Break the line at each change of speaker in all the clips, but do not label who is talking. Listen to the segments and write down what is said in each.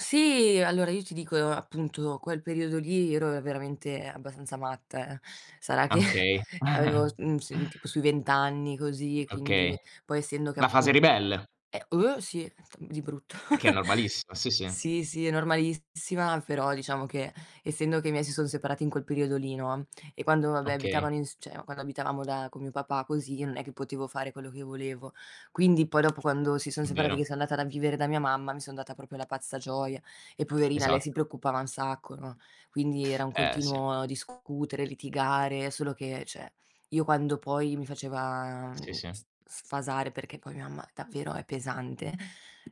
Sì. Allora, io ti dico, appunto quel periodo lì ero veramente abbastanza matta, eh. Sarà che
Okay.
avevo s n s tipo sui vent'anni così,
Okay.
quindi poi essendo che
La fase
appun
ribelle.
eh, oh, sì, d di brutto.
Che è normalissima, sì, sì.
Sì, sì, è normalissima, però diciamo che essendo che i miei si sono separati in quel periodo lì, no, e quando vabbè
Okay.
abitavano ins cioè, quando abitavamo da con mio papà così, io non è che potevo fare quello che volevo. Quindi, poi dopo quando si sono
N
separati che
vero.
sono andata da vivere da mia mamma, mi sono data proprio alla pazza gioia, e poverina lei si
Esatto.
preoccupava un sacco, no, quindi, era un
Eh, sì.
continuo discutere, litigare, solo che cioè, io quando poi mi faceva
Sì,
mhmm, s s
sì.
sfasare perché poi mia mamma davvero è pesante.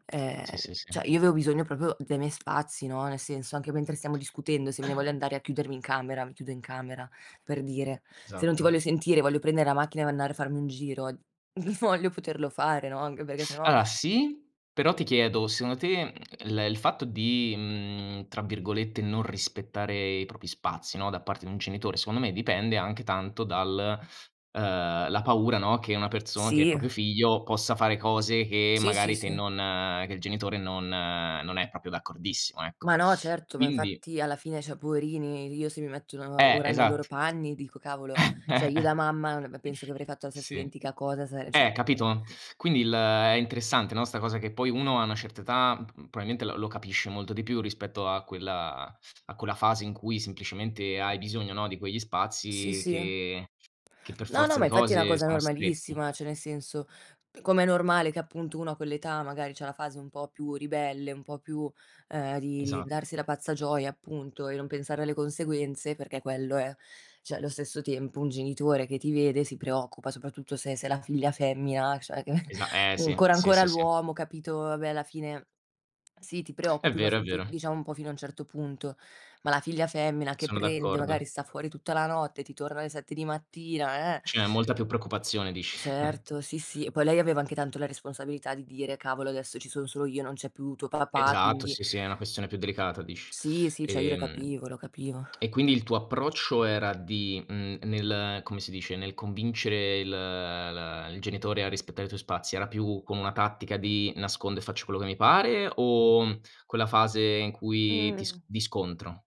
Ehm,
Sì, sì,
cioè
sì.
io avevo bisogno proprio dei miei spazi, no, nel senso anche mentre stiamo discutendo, se me ne voglio andare a chiudermi in camera, mi chiudo in camera, per dire. Se non ti
Esatto.
voglio sentire e voglio prendere la macchina e andare a farmi un giro, voglio poterlo fare, no, anche perché se no
Allora, sì. Però ti chiedo, secondo te, mhmm, il il fatto di, mhmm, tra virgolette "non rispettare" i propri spazi, no, da parte di un genitore secondo me dipende anche tanto dal uhm, la paura, no, che una person che il
Sì.
proprio figlio possa fare cose che
Sì, sì,
magari te
sì.
non che il genitore non non è proprio d'accordissimo,
Ma,
ecco.
no. Certo. Ma
Quindi
infatti alla fine cioè poverini, io se mi metto nel
Eh,
ora nei loro
esatt
panni dico: "Cavolo!" cioè, io da mamma non av penso che avrei fatto la stessa
Sì.
identica cosa se le cioè,
Eh,
mhmm
capito? Quindi il è interessante, no, sta cosa che poi uno a una certa età m p probabilmente l lo capisce molto di più rispetto a quella a quella fase in cui semplicemente hai bisogno, no, di quegli
Sì,
spazi
sì.
che che per
No, no,
forza
ma
di
infatti è una
cose
cosa
sono stretti.
normalissima, cioè nel senso, com'è normale che appunto uno a quell'età magari c'ha una fase un po' più ribelle, un po' più, uhm, di di
Esatto.
darsi alla pazza gioia appunto e non pensare alle conseguenze, perché quello è. Cioè, lo stesso tempo un genitore che ti vede si preoccupa, soprattutto se se la figlia femmina cioè che
Esa eh, sì.
ancora
Sì,
ancora
sì, sì.
l'uomo, capito vabbè, alla fine, sì, ti
È
preoccupi, ma
vero, è
f vi
vero.
diciamo un po' fino a un certo punto, ma la figlia femmina che
Sono
prende magari
d'accordo.
sta fuori tutta la notte, ti torna alle 7 di mattina, eh
C'è molta più preoccupazione dici,
Certo, sì, sì. E poi lei aveva anche tanto la responsabilità di dire: "Cavolo adesso ci son solo io, non c'è più tuo papà,
Esatto,
quindi"
sì, sì, è una questione più delicata dici.
Sì, sì, cioè io lo
Ehm,
capivo, lo capivo.
e quindi il tuo approccio era di mhmm, nel come si dice, nel convincere il l il genitore a rispettare i tuoi spazi, era più come una tattica di nascondo e faccio quello che mi pare o quella fase in cui ti
Mh.
s di scontro?